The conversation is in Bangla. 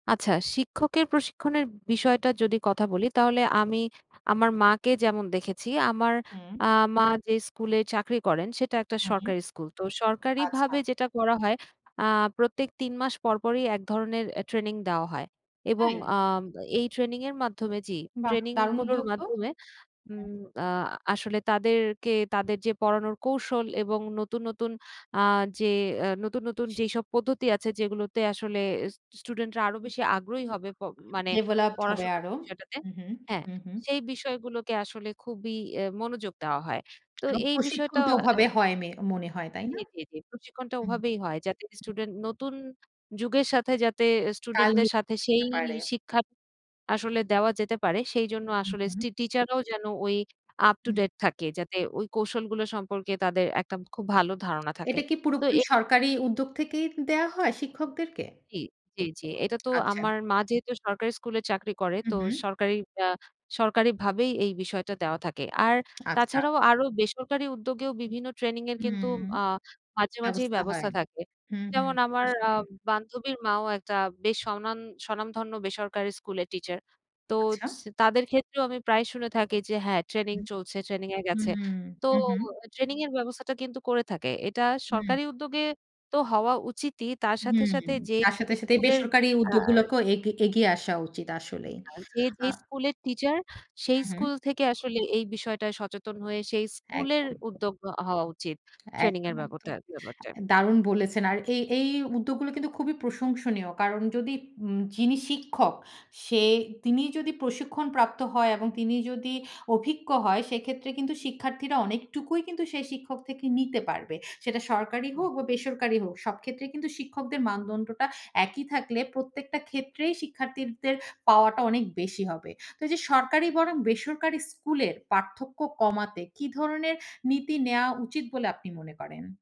আচ্ছা শিক্ষকের প্রশিক্ষণের বিষয়টা যদি কথা বলি তাহলে আমি আমার মাকে যেমন দেখেছি। আমার হুম। আ মা যে স্কুলে চাকরি করেন সেটা একটা হুম। সরকারি স্কুল। তো আচ্ছা। সরকারিভাবে যেটা করা হয় আ প্রত্যেক ৩ মাস পর পরই এক ধরনের অ্যা ট্রেনিং দেওয়া হয়। এবং তাই? আ এই ট্রেনিংয়ের মাধ্যমে জি, বাহ! দারুন ট্রেনিংগুলোর উদ্যোগ তো। মাধ্যমে হুম। উম আ আসলে তাদেরকে তাদের যে পড়ানোর কৌশল এবং নতুন, নতুন আ যে অ্যা নতুন, নতুন যেসব পদ্ধতি আছে যেগুলোতে আসলে স স্টুডেন্টরা আরও বেশি আগ্রহী হবে প মানে developed হবে পড়াশোনার আরো। বিষয়টাতে হু, হু, হ্যাঁ, হু, হু। সেই বিষয়গুলোকে আসলে খুবই এ মনোযোগ দেওয়া হয়। তো এবং এই প্রশিক্ষণ বিষয়টা তো অ্যা ওভাবে হয় মে মনে হয়, তাই জি, না? জি, জি প্রশিক্ষণটা উম ওভাবেই হয়। যাতে স্টুডেন্ট নতুন যুগের সাথে যাতে কাল স্টুডেন্টদের সাথে সেই [unintelligible] পারে। শিক্ষা আসলে দেওয়া যেতে পারে। সেইজন্য হু, আসলে হু। স্টি টিচার রাও যেন ওই up to হুম। date থাকে। যাতে ওই কৌশলগুলো সম্পর্কে তাদের একটা খুব ভালো ধারণা থাকে। এটা কি তো পুরোপুরি এই সরকারি উদ্যোগ থেকেই দেওয়া হয় শিক্ষকদেরকে? জি, জি, জি। এইটা তো আচ্ছা। আমার মা যেহেতু সরকারি স্কুলে চাকরি করে তো উহু। সরকারি অ্যা সরকারিভাবেই এই বিষয়টা দেওয়া থাকে। আর আচ্ছা। তাছাড়াও আরো বেসরকারি উদ্যোগেও বিভিন্ন ট্রেনিং এর কিন্তু হুম আ মাঝে, মাঝেই ব্যবস্থা হয়। ব্যবস্থা থাকে। হুম, হুম, যেমন হুম আমার আসলে। আম বান্ধবীর মাও একটা বেশ স্বনান স্বনামধন্য বেসরকারি স্কুলের টিচার। তো আচ্ছা। সি তাদের ক্ষেত্রেও আমি প্রায়ই শুনে থাকি যে হ্যাঁ, হু, ট্রেনিং চলছে, ট্রেনিং এ হু, গেছে। তো হু, হু। ট্রেনিং এর ব্যবস্থাটা কিন্তু করে থাকে। এটা হুম। সরকারি উদ্যোগে তো হওয়া উচিতই, তার সাথে, হুম। সাথে যে, তার যে সাথে, সাথে স্কুলের বেসরকারি আ উদ্যোগগুলোকেও এগ এগিয়ে আসা উচিত আসলেই। যে আ যেই স্কুলের টিচার সেই হু, হু। স্কুল থেকে আসলে এই বিষয়টায় সচেতন হয়ে সেই স্কুলের একদম। উদ্যোগ অ হওয়া উচিত। ট্রেনিং এর একদম, ব্যাবটা একদম। ব্যাপারটা। দারুণ বলেছেন! আর এই, এই উদ্যোগগুলো কিন্তু খুবই প্রশংসনীয় কারণ যদি উম যিনি শিক্ষক সে তিনি যদি প্রশিক্ষণপ্রাপ্ত হয় এবং তিনি যদি অভিজ্ঞ হয়, সেক্ষেত্রে কিন্তু শিক্ষার্থীরা অনেকটুকুই কিন্তু সেই শিক্ষক থেকে নিতে পারবে। সেটা সরকারি হুম। হোক বা বেসরকারি হোক, সব ক্ষেত্রে কিন্তু শিক্ষকদের মানদণ্ডটা একই থাকলে প্রত্যেকটা ক্ষেত্রেই শিক্ষার্থীদের পাওয়াটা অনেক বেশি হবে। তো এইযে সরকারি বনাম বেসরকারি স্কুলের পার্থক্য কমাতে কী ধরনের নীতি নেওয়া উচিত বলে আপনি মনে করেন?